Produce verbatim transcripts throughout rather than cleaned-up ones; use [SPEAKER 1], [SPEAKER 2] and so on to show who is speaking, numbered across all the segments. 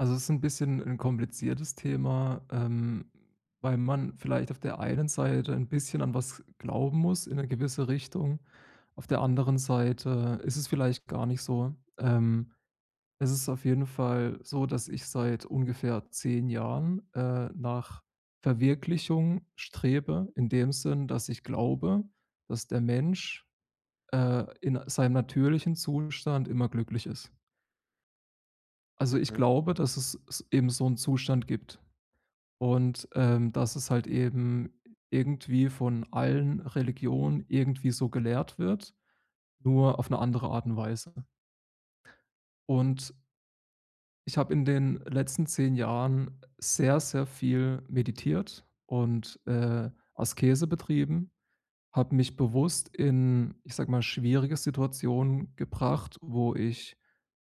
[SPEAKER 1] Also, es ist 'n bisschen 'n kompliziertes Thema, ähm, weil man vielleicht auf der einen Seite ein bisschen an was glauben muss in 'ne gewisse Richtung. Auf der anderen Seite ist es vielleicht gar nicht so. Ähm. Es ist auf jeden Fall so, dass ich seit ungefähr zehn Jahren, äh, nach Verwirklichung strebe, in dem Sinn, dass ich glaube, dass der Mensch, äh, in seinem natürlichen Zustand immer glücklich ist. Also, ich
[SPEAKER 2] Mhm.
[SPEAKER 1] glaube, dass es s eben so 'n Zustand gibt. Und, ähm, dass es halt eben irgendwie von allen Religionen irgendwie so gelehrt wird, nur auf 'ne andere Art und Weise. Und ich habe in den letzten zehn Jahren sehr, sehr viel meditiert und, äh, Askese betrieben. Habe mich bewusst in, ich sage mal, schwierige Situationen gebracht, wo ich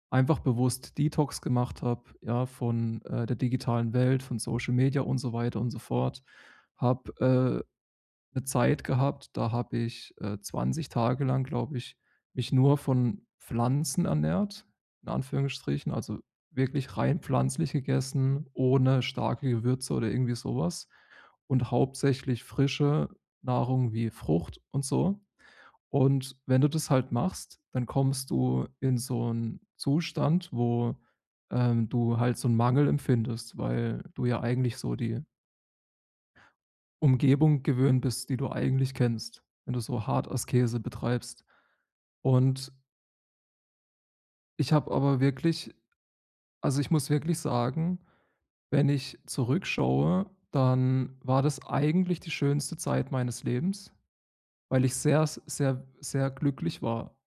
[SPEAKER 1] einfach bewusst Detox gemacht habe, ja, von, äh, der digitalen Welt, von Social-Media und so weiter und so fort. Habe, äh, 'ne Zeit gehabt, da habe ich, äh, zwanzig Tage lang, glaube ich, mich nur von Pflanzen ernährt, in Anführungsstrichen, also wirklich rein pflanzlich gegessen, ohne starke Gewürze oder irgendwie sowas und hauptsächlich frische Nahrung wie Frucht und so. Und wenn du das halt machst, dann kommst du in so 'n Zustand, wo, ähm, du halt so 'n Mangel empfindest, weil du ja eigentlich so die Umgebung gewöhnt bist, die du eigentlich kennst, wenn du so hart Askese betreibst und ich habe aber wirklich also, ich muss wirklich sagen, wenn ich zurückschaue, dann war das eigentlich die schönste Zeit meines Lebens, weil ich sehr, s sehr, sehr glücklich war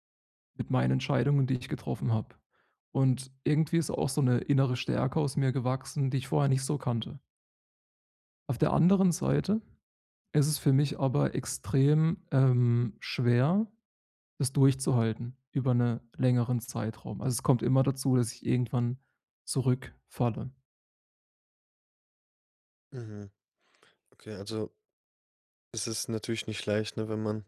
[SPEAKER 1] mit meinen Entscheidungen, die ich getroffen habe. Und irgendwie ist auch so 'ne innere Stärke aus mir gewachsen, die ich vorher nicht so kannte. Auf der anderen Seite ist es für mich aber extrem, ähm, schwer, das durchzuhalten über 'ne längeren Zeitraum. Also, es kommt immer dazu, dass ich irgendwann zurückfalle.
[SPEAKER 2] Mhm, okay, also es ist natürlich nicht leicht, ne? Wenn man,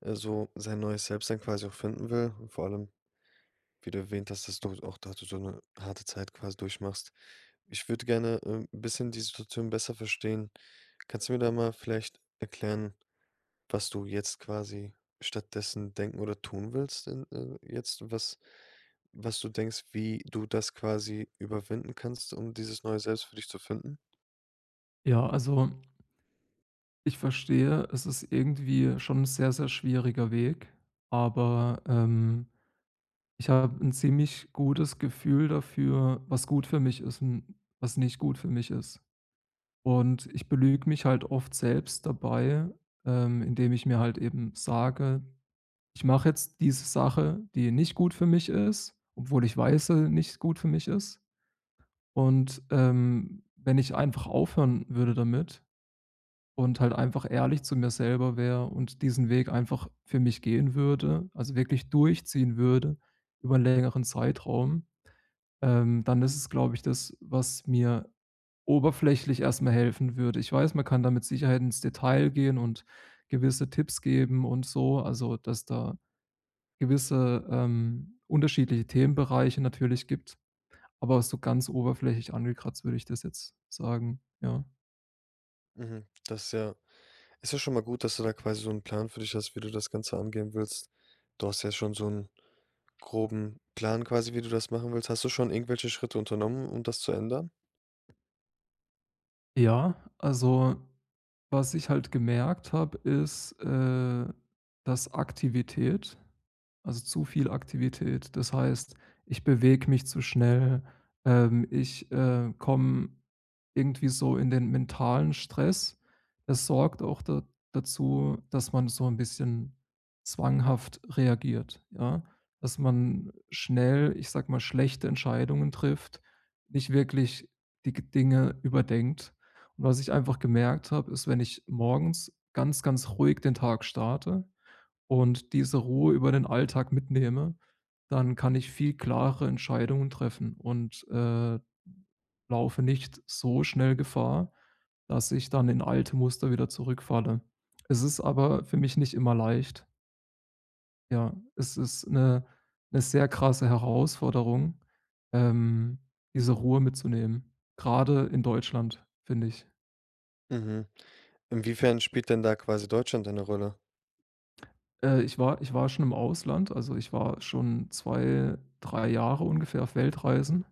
[SPEAKER 2] äh, so sein neues Selbst-Sein quasi auch finden will, vor allem, wie du erwähnt hast, dass du halt auch da du so 'ne harte Zeit quasi durchmachst. Ich würde gerne, ähm, 'n bisschen die Situation besser verstehen. Kannst du mir da mal vielleicht erklären, was du jetzt quasi stattdessen denken oder tun willst in äh, jetzt was was du denkst, wie du das quasi überwinden kannst, um dieses neue Selbst für dich zu finden?
[SPEAKER 1] Ja, also ich verstehe. Es ist irgendwie schon 'n sehr, sehr schwieriger Weg. Aber, ähm, ich habe 'n ziemlich gutes Gefühl dafür, was gut für mich ist und was nicht gut für mich ist. Und ich belüge mich halt oft selbst dabei, ähm, indem ich mir halt eben sage: „Ich mache jetzt diese Sache, die nicht gut für mich ist, obwohl ich weiß dass sie nicht gut für mich ist.“ Und, ähm, wenn ich einfach aufhören würde damit und halt einfach ehrlich zu mir selber wäre und diesen Weg einfach für mich gehen würde, also, wirklich durchziehen würde über 'n längeren Zeitraum, ähm, dann ist es, glaube ich, das, was mir oberflächlich erstmal helfen würde. Ich weiß, man kann da mit Sicherheit ins Detail gehen und gewisse Tipps geben und so, also, dass da gewisse, ähm, unterschiedliche Themenbereiche natürlich gibt. Aber so ganz oberflächig angekratzt, würde ich das jetzt sagen, ja.
[SPEAKER 2] Mhm. Das ist ja ist ja schon mal gut, dass du da quasi so 'n Plan für dich hast, wie du das Ganze angehen willst. Du hast ja schon so 'n groben Plan quasi, wie du das machen willst. Hast du schon irgendwelche Schritte unternommen, um das zu ändern?
[SPEAKER 1] Ja, also, was ich halt gemerkt habe, ist, äh, dass Aktivität also, zu viel Aktivität, das heißt, ich bewege mich zu schnell, ähm, ich, äh, komme irgendwie so in den mentalen Stress, das sorgt auch da dazu, dass man so 'n bisschen zwanghaft reagiert, ja? Dass man schnell, ich sage mal, schlechte Entscheidungen trifft, nicht wirklich die g Dinge überdenkt. Und was ich einfach gemerkt habe, ist, wenn ich morgens ganz, ganz ruhig den Tag starte und diese Ruhe über den Alltag mitnehme, dann kann ich viel klarere Entscheidungen treffen und, äh, laufe nicht so schnell Gefahr, dass ich dann in alte Muster wieder zurückfalle. Es ist aber für mich nicht immer leicht. Ja, es ist 'ne 'ne sehr krasse Herausforderung, ähm, diese Ruhe mitzunehmen, grade in Deutschland, finde ich.
[SPEAKER 2] Mhm. Inwiefern spielt denn da quasi Deutschland eine Rolle?
[SPEAKER 1] Äh, ich war ich war schon im Ausland. Also, ich war schon zwei, drei Jahre ungefähr auf Weltreisen.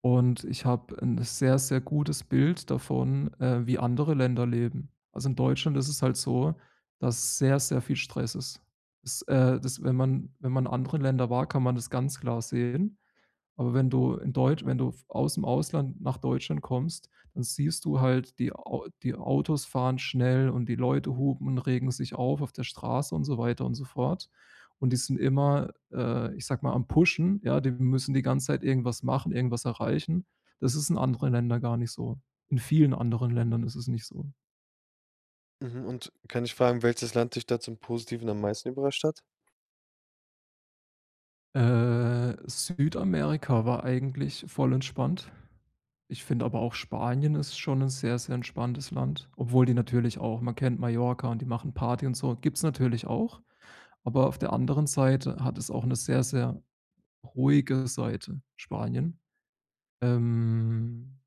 [SPEAKER 1] Und ich habe 'n sehr, sehr gutes Bild davon, äh, wie andere Länder leben. Also, in Deutschland ist es halt so, dass sehr, sehr viel Stress ist. Ist, äh dass, wenn man wenn man in anderen Ländern war, kann man das ganz klar sehen. Aber wenn du in Deutsch wenn du aus'm Ausland nach Deutschland kommst, dann siehst du halt die Au die Autos fahren schnell und die Leute hupen und regen sich auf auf der Straße und so weiter und so fort. Und die sind immer, äh, ich sage mal, am pushen. Ja, die müssen die ganze Zeit irgendwas machen, irgendwas erreichen. Das ist in anderen Ländern gar nicht so. In vielen anderen Ländern ist es nicht so.
[SPEAKER 2] Mhm. Und kann ich fragen, welches Land dich da zum Positiven am meisten überrascht hat?
[SPEAKER 1] Äh, Südamerika war eigentlich voll entspannt. Ich finde aber auch Spanien ist schon 'n sehr, sehr entspanntes Land, obwohl die natürlich auch man kennt Mallorca und die machen Party und so, gibt's natürlich auch. Aber auf der anderen Seite hat es auch 'ne sehr, sehr ruhige Seite, Spanien. Ähm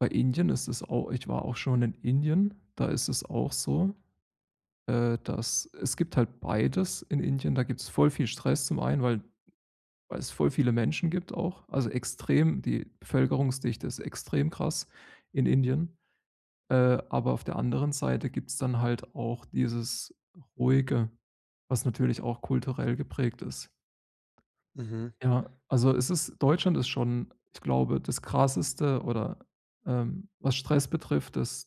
[SPEAKER 1] bei Indien ist es auch ich war auch schon in Indien. Da ist es auch so, äh, dass es gibt halt beides in Indien. Da gibt's voll viel Stress zum einen, weil weil es voll viele Menschen gibt auch. Also, extrem die Bevölkerungsdichte ist extrem krass in Indien. Äh, aber auf der anderen Seite gibt's dann halt auch dieses Ruhige, was natürlich auch kulturell geprägt ist.
[SPEAKER 2] Mhm.
[SPEAKER 1] Ja, also, es ist Deutschland ist schon, ich glaube, das krasseste oder, ähm was Stress betrifft, ist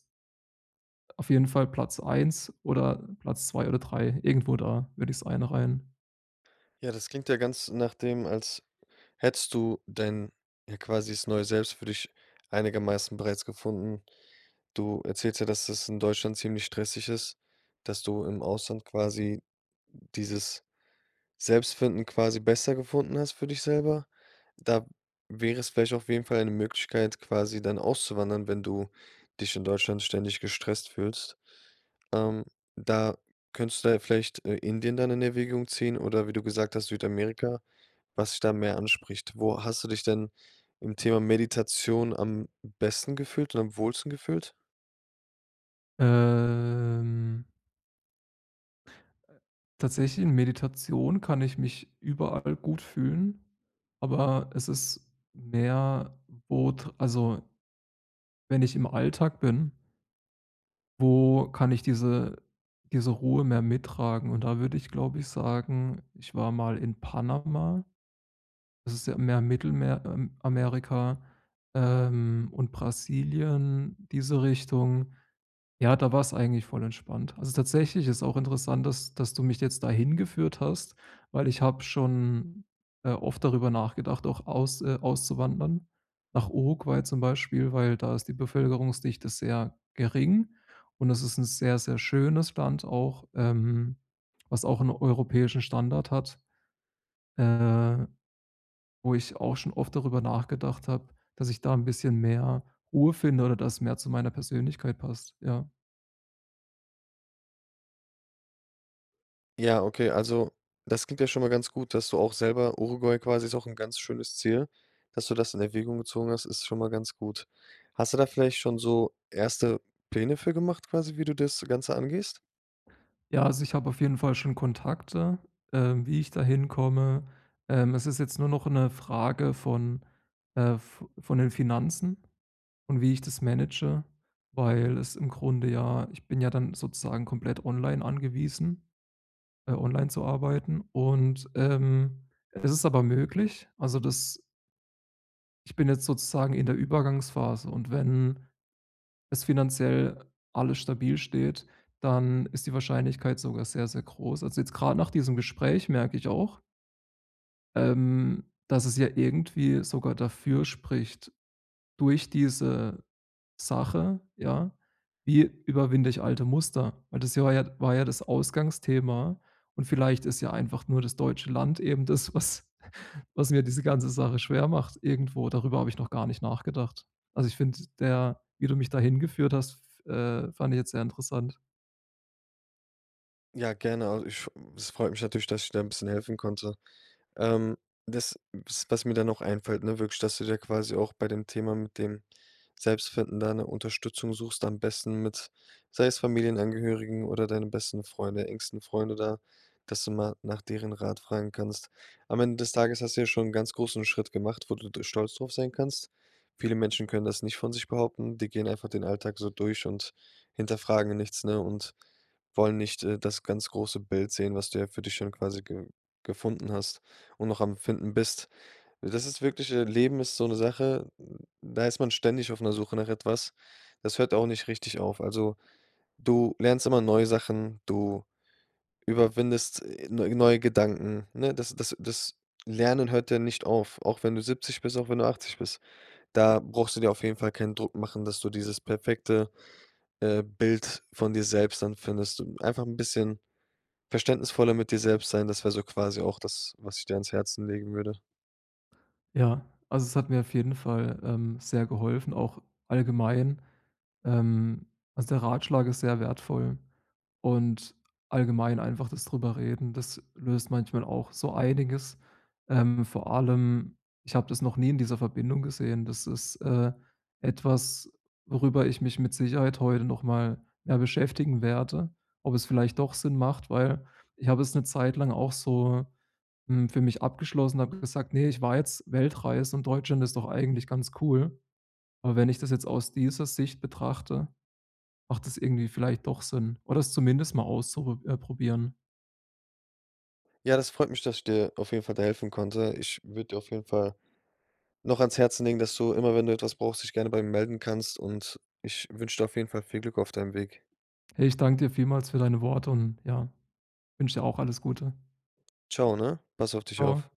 [SPEAKER 1] auf jeden Fall Platz eins oder Platz zwei oder drei. Irgendwo da würde ich's einreihen.
[SPEAKER 2] Ja, das klingt ja ganz nach dem, als hättest du denn, ja, quasi das Neue Selbst für dich einigermaßen bereits gefunden. Du erzählst ja, dass das in Deutschland ziemlich stressig ist, dass du im Ausland quasi dieses Selbstfinden quasi besser gefunden hast für dich selber. Da wäre es vielleicht auf jeden Fall 'ne Möglichkeit, quasi dann auszuwandern, wenn du dich in Deutschland ständig gestresst fühlst. Ähm, da könntest du da vielleicht, äh, Indien dann in Erwägung ziehen, oder wie du gesagt hast, Südamerika, was dich da mehr anspricht. Wo hast du dich denn im Thema Meditation am besten gefühlt und am wohlsten gefühlt?
[SPEAKER 1] Ähm. Tatsächlich in Meditation kann ich mich überall gut fühlen, aber es ist mehr wo tr also wenn ich im Alltag bin wo kann ich diese diese Ruhe mehr mittragen? Und da würde ich, glaube ich, sagen, ich war mal in Panama. Das ist ja mehr im Mittelmer ähm, Amerika, ähm, und Brasilien, diese Richtung. Ja, da war es eigentlich voll entspannt. Also tatsächlich ist es auch interessant, dass dass du mich jetzt da hingeführt hast, weil ich habe schon, äh, oft darüber nachgedacht, auch aus äh, auszuwandern nach Uruguay zum Beispiel, weil da ist die Bevölkerungsdichte sehr gering. Und es ist 'n sehr, sehr schönes Land, auch, ähm was auch 'n europäischen Standard hat. Äh, wo ich auch schon oft darüber nachgedacht habe, dass ich da 'n bisschen mehr Ruhe finde oder das mehr zu meiner Persönlichkeit passt. Ja.
[SPEAKER 2] Ja, okay, also, das klingt ja schon mal ganz gut, dass du auch selber Uruguay quasi ist auch 'n ganz schönes Ziel, dass du das in Erwägung gezogen hast, ist schon mal ganz gut. Hast du da vielleicht schon so erste Pläne für gemacht quasi, wie du das Ganze angehst?
[SPEAKER 1] Ja, also, ich habe auf jeden Fall schon Kontakte, äh, wie ich da hinkomme. Ähm, es ist jetzt nur noch 'ne Frage von, äh, vo von den Finanzen und wie ich das manage. Weil es im Grunde ja ich bin ja dann sozusagen komplett online angewiesen äh, online zu arbeiten. Und, ähm, es ist aber möglich, also, das Ich bin jetzt sozusagen in der Übergangsphase. Und wenn es finanziell alles stabil steht, dann ist die Wahrscheinlichkeit sogar sehr, sehr groß. Also, jetzt gerade nach diesem Gespräch merke ich auch ähm, dass es ja irgendwie sogar dafür spricht durch diese Sache, ja: Wie überwinde ich alte Muster? Weil das war ja war ja das Ausgangsthema. Und vielleicht ist ja einfach nur das deutsche Land eben das, was was mir diese ganze Sache schwer macht irgendwo. Darüber habe ich noch gar nicht nachgedacht. Also, ich finde der wie du mich da hingeführt hast f äh, fand ich jetzt sehr interessant.
[SPEAKER 2] Ja, gerne, also, ich es freut mich natürlich, dass ich da 'n bisschen helfen konnte. Ähm, das w was mir da noch einfällt, ne, wirklich, dass du da quasi auch bei dem Thema mit dem Selbstfinden da 'ne Unterstützung suchst, am besten mit sei es Familienangehörigen oder deinen besten Freunde, engsten Freunde da, dass du mal nach deren Rat fragen kannst. Am Ende des Tages hast du ja schon 'n ganz großen Schritt gemacht, wo du d stolz drauf sein kannst. Viele Menschen können das nicht von sich behaupten. Die gehen einfach den Alltag so durch und hinterfragen nichts, ne, und wollen nicht, äh, das ganz große Bild sehen, was du für dich schon quasi ge gefunden hast und noch am Finden bist. Das ist wirklich, äh Leben ist so 'ne Sache, da ist man ständig auf 'ner Suche nach etwas. Das hört auch nicht richtig auf. Also, du lernst immer neue Sachen, du überwindest, äh, neu neue Gedanken, ne? Das das das Lernen hört ja nicht auf, auch wenn du siebzig bist, auch wenn du achtzig bist. Da brauchst du dir auf jeden Fall keinen Druck machen, dass du dieses perfekte, äh, Bild von dir selbst dann findest. D einfach 'n bisschen verständnisvoller mit dir selbst sein. Das wäre so quasi auch das, was ich dir ans Herzen legen würde.
[SPEAKER 1] Ja, also, es hat mir auf jeden Fall, ähm, sehr geholfen, auch allgemein. Ähm, also, der Ratschlag ist sehr wertvoll und allgemein einfach das drüber Reden. Das löst manchmal auch so einiges. Ähm, vor allem, ich habe das noch nie in dieser Verbindung gesehen, das ist, äh, etwas, worüber ich mich mit Sicherheit heute nochmal mehr beschäftigen werde. Ob es vielleicht doch Sinn macht. Weil ich habe es 'ne Zeit lang auch so, hm, für mich abgeschlossen, habe gesagt: „Ne, ich war jetzt Weltreise und Deutschland ist doch eigentlich ganz cool.“ Aber wenn ich das jetzt aus dieser Sicht betrachte, macht das irgendwie vielleicht doch Sinn, oder es zumindest mal auszupr äh, probieren.
[SPEAKER 2] Ja, das freut mich, dass ich dir auf jeden Fall da helfen konnte. Ich würde dir auf jeden Fall noch ans Herzen legen, dass du immer wenn du etwas brauchst, dich gerne bei mir melden kannst. Und ich wünsche dir auf jeden Fall viel Glück auf deinem Weg.
[SPEAKER 1] Hey, ich danke dir vielmals für deine Worte und ja, wünsche dir auch alles Gute.
[SPEAKER 2] Tschau, ne? Pass auf dich auf.
[SPEAKER 1] Tschau.